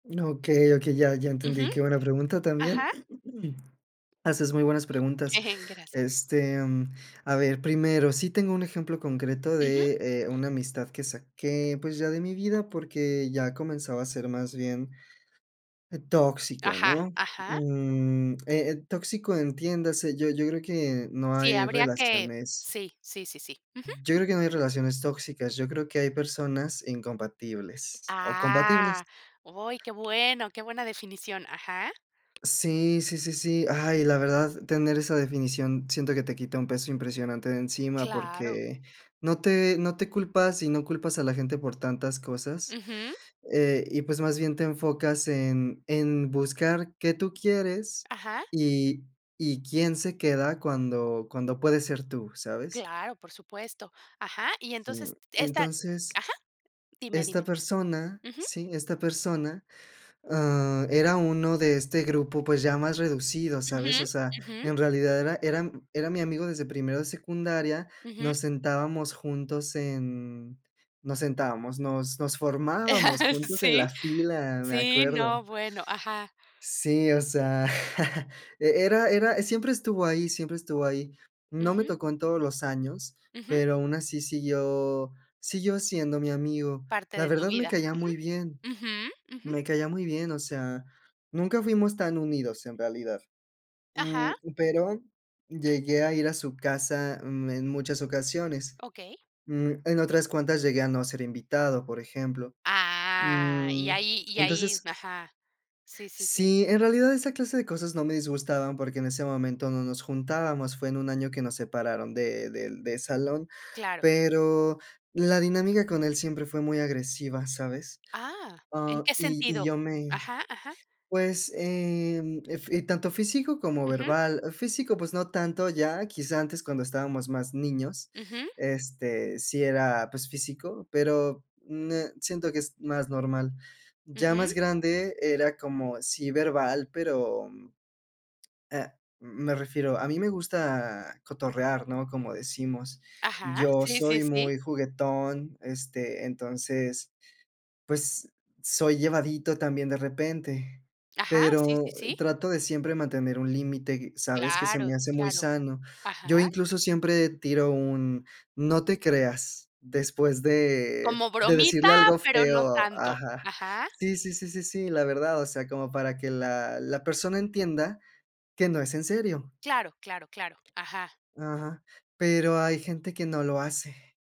No, okey, okey, ya, ya Ujú. entendí, qué buena pregunta también. Ajá. Haces muy buenas preguntas. Gracias. Este, mm, a ver, primero, sí tengo un ejemplo concreto Ujú. de, eh, una amistad que saqué, pues, ya de mi vida, porque ya comenzaba a ser más bien e tóxica, Ajá. ¿no? Ajá. Mm, eh eh, tóxico, entiéndase, yo yo creo que no Sí, hay habría que relaciones sí, sí, sí, sí. Ujú. yo creo que no hay relaciones tóxicas, yo creo que hay personas incompatibles, o, compatibles. ¡Ah! ¡Oy qué bueno!, qué buena definición, ajá. Sí, sí, sí, sí. Ay, la verdad, tener esa definición siento que te quita un peso impresionante de encima. ¡Claro! Porque no te no te culpas, y no culpas a la gente por tantas cosas, Ujú. eh, y pues, más bien te enfocas en en buscar qué tú quieres Ajá. y y quién se queda cuando cuando puedes ser tú, ¿sabes? Claro, por supuesto. Ajá, y Sí, mm. entonces esta Entonces, ajá, dime, esta dime persona, ujú. sí, esta persona, ah, era uno de este grupo, pues, ya más reducido, Ujú, ¿sabes? O sea, ujú. en realidad era era era m mi amigo desde primero de secundaria, Ujú. nos sentábamos juntos en nos sentábamos, nos nos formábamos juntos en ¿Sí? la fila, me Sí, acuerdo. no, bueno ajá. Sí, o sea, e era era, siempre estuvo ahí, siempre estuvo ahí. No me Ujú. tocó en todos los años, Ujú. pero aun así siguió, siguió siendo mi amigo. Parte La de tu verdad, me vida. caía muy bien, Ujú. Ujú, ujú. me caía muy bien. O sea, nunca fuimos tan unidos, en realidad. Mm, Ajá. pero llegué a ir a su casa, mm, en muchas ocasiones. Okey. Mm, en otras cuantas llegué a no ser invitado, por ejemplo. Ah, y Mm, ahí, y ahí entonces ajá. Sí, sí, sí. sí, en realidad esa clase de cosas no me disgustaban porque en ese momento no nos juntábamos, fue en un año que nos separaron de del de salón, Claro. pero la dinámica con él siempre fue muy agresiva, ¿sabes? ¡Ah! ¿En Ah, qué y y sentido? yo me, Ajá, ajá. pues, em, ef y tanto físico como Ujú. verbal. Físico, pues no tanto ya, quizá antes cuando estábamos más niños, Ujú. este, sí era, pues físico, pero, ne siento que es más normal. Ya Ujú. más grande era como sí verbal, pero, mm, ah, me refiero, a mí me gusta cotorrear, ¿no? Como decimos, Ajá, yo sí, sí, soy sí. muy juguetón, este, entonces, pues, soy llevadito también de repente, Ajá, sí, pero, sí, eh, sí. trato de siempre mantener un límite, ¿sabes?, que se Claro, me hace muy claro. sano. Yo Ajá. incluso siempre tiro un: "No te creas", después de Como de bromita, decirle algo pero no feo. tanto. Ajá Ajá. sí sí sí sí sí, la verdad, o sea, como para que la la persona entienda que no es en serio. Claro, claro, claro. Ajá. Ajá, pero hay gente que no lo hace.